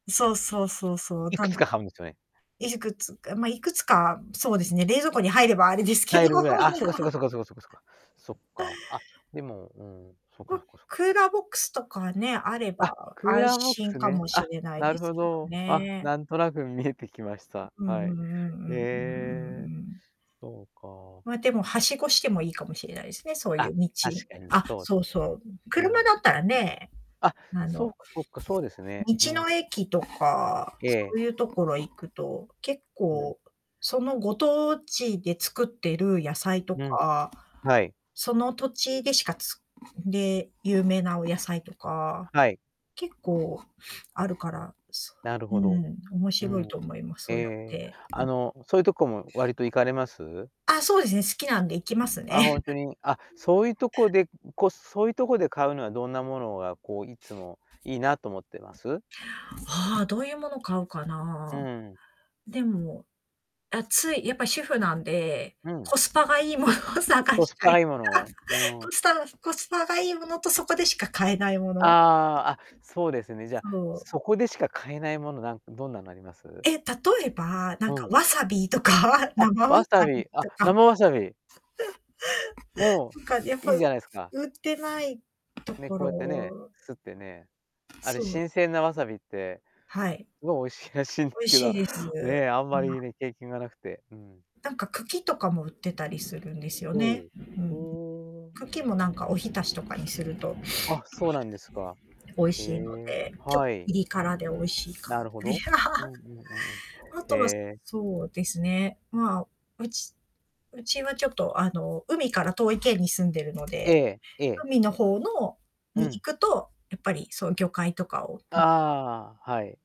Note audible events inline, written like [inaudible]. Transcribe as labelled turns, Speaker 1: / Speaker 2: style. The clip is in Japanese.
Speaker 1: そうそうそうそう、
Speaker 2: いく
Speaker 1: た
Speaker 2: つ
Speaker 1: ん
Speaker 2: か買うんですよね？
Speaker 1: いくつかまいくつか、そうですね、冷蔵庫に入ればあれですけど。
Speaker 2: 入るぐらい、あ、そっかそっか
Speaker 1: [laughs]
Speaker 2: そっかそっかそっかそっか。そっか、あ、でも、うん、そっか
Speaker 1: ま、
Speaker 2: そっかそっ
Speaker 1: ク
Speaker 2: か。
Speaker 1: ーラーボックスとかね、あれ
Speaker 2: あ、
Speaker 1: ば
Speaker 2: クー
Speaker 1: 安
Speaker 2: ラーボック
Speaker 1: 心
Speaker 2: ス
Speaker 1: か
Speaker 2: ね。
Speaker 1: もし
Speaker 2: あ、
Speaker 1: れない
Speaker 2: な
Speaker 1: で
Speaker 2: る
Speaker 1: す
Speaker 2: ほ
Speaker 1: けど
Speaker 2: ど。あ、
Speaker 1: ね。
Speaker 2: なんとなく見えてきました。
Speaker 1: うんうんう
Speaker 2: は
Speaker 1: ん
Speaker 2: い。
Speaker 1: うんう
Speaker 2: え
Speaker 1: ん
Speaker 2: え、
Speaker 1: うんうん。
Speaker 2: そうか。
Speaker 1: まあ、でも梯子してもいいかもしれないですね、そうい
Speaker 2: あ、
Speaker 1: う道。
Speaker 2: 確かに
Speaker 1: あ、
Speaker 2: そうで
Speaker 1: そう
Speaker 2: す
Speaker 1: そ
Speaker 2: ね。
Speaker 1: う。
Speaker 2: う
Speaker 1: 車
Speaker 2: ん。
Speaker 1: だったらね、
Speaker 2: あ、
Speaker 1: あ
Speaker 2: そっ
Speaker 1: の、
Speaker 2: かそっか、そうですね。
Speaker 1: 道
Speaker 2: う
Speaker 1: の
Speaker 2: ん。
Speaker 1: 駅とか、
Speaker 2: え
Speaker 1: そう
Speaker 2: え。
Speaker 1: いうところ行くと、結
Speaker 2: うん。
Speaker 1: 構、そのご当地で作ってる野菜と
Speaker 2: うん。
Speaker 1: か、
Speaker 2: はい。
Speaker 1: その土地でしかつで有名なお野菜とか、
Speaker 2: はい。
Speaker 1: 結構あるから、そ、
Speaker 2: なる
Speaker 1: う
Speaker 2: ほど。
Speaker 1: ん、面
Speaker 2: う
Speaker 1: 白い
Speaker 2: ん、
Speaker 1: と思います、
Speaker 2: え
Speaker 1: そうやっ
Speaker 2: え、
Speaker 1: て。
Speaker 2: あ
Speaker 1: うん。
Speaker 2: の、そういうとこも割と行かれます？
Speaker 1: あ、そうですね、好きなんで行きますね。
Speaker 2: あ、本
Speaker 1: う
Speaker 2: 当に、あ、
Speaker 1: ん。
Speaker 2: そういうとこで、こ、そういうとこで買うのはどんなものがこういつもいいなと思ってます？
Speaker 1: ああ、どういうもの買うか
Speaker 2: う
Speaker 1: な。
Speaker 2: ん。
Speaker 1: でも、あ、つい、やっぱ主婦なんで、
Speaker 2: うん。
Speaker 1: コスパがいいものを探
Speaker 2: コ
Speaker 1: し
Speaker 2: ス
Speaker 1: た
Speaker 2: パ
Speaker 1: い。
Speaker 2: がいいもの、うん。
Speaker 1: こすたばコスパがいいものとそこでしか買えないも
Speaker 2: あ
Speaker 1: の。
Speaker 2: あ、あ、そうですね。じゃあ、
Speaker 1: そう。
Speaker 2: そこでしか買えないものなんどんなのあります？
Speaker 1: え、例えば、なんか
Speaker 2: うん。
Speaker 1: わさびとか、
Speaker 2: あ、
Speaker 1: 生わ
Speaker 2: わ
Speaker 1: さ
Speaker 2: さ
Speaker 1: び
Speaker 2: び、あ、
Speaker 1: とか。
Speaker 2: 生わさび。
Speaker 1: [laughs]
Speaker 2: も
Speaker 1: なんか、やっ
Speaker 2: う、
Speaker 1: ぱ、
Speaker 2: いいじゃないですか？
Speaker 1: 売ってないと
Speaker 2: ね、
Speaker 1: こ
Speaker 2: こうやってね、
Speaker 1: ろ。
Speaker 2: すってね、あれ
Speaker 1: そう。
Speaker 2: 新鮮なわさびって、
Speaker 1: はい。
Speaker 2: すごい美味しいらしいんで
Speaker 1: 美味
Speaker 2: すけ
Speaker 1: しい
Speaker 2: ど、
Speaker 1: です。
Speaker 2: ね、あん
Speaker 1: う
Speaker 2: ま
Speaker 1: ん。
Speaker 2: りね、経験がなくて、うん。
Speaker 1: なんか茎とかも売ってたりするんですよ
Speaker 2: ほ
Speaker 1: ね。
Speaker 2: う、
Speaker 1: う
Speaker 2: う
Speaker 1: ん。
Speaker 2: ーん、
Speaker 1: 茎もな
Speaker 2: う
Speaker 1: ん
Speaker 2: ん。
Speaker 1: かお浸しとかにすると、
Speaker 2: あ、そうなんですか。
Speaker 1: 美味
Speaker 2: え
Speaker 1: しいの
Speaker 2: え、
Speaker 1: で、ちょっ
Speaker 2: は
Speaker 1: とピ
Speaker 2: い。
Speaker 1: リ辛で美味しいか。
Speaker 2: なるほど。う
Speaker 1: [laughs]
Speaker 2: んうんうんう
Speaker 1: あ
Speaker 2: ん。へ
Speaker 1: とは、
Speaker 2: え。
Speaker 1: そうですね、まあうちうちはちょっとあの、海から遠い県に住んでるの
Speaker 2: え
Speaker 1: で、
Speaker 2: え、ええ。
Speaker 1: 海の方の
Speaker 2: う
Speaker 1: に行
Speaker 2: ん。
Speaker 1: くと、やっぱりそういう魚介とかを見て
Speaker 2: ああ、はい。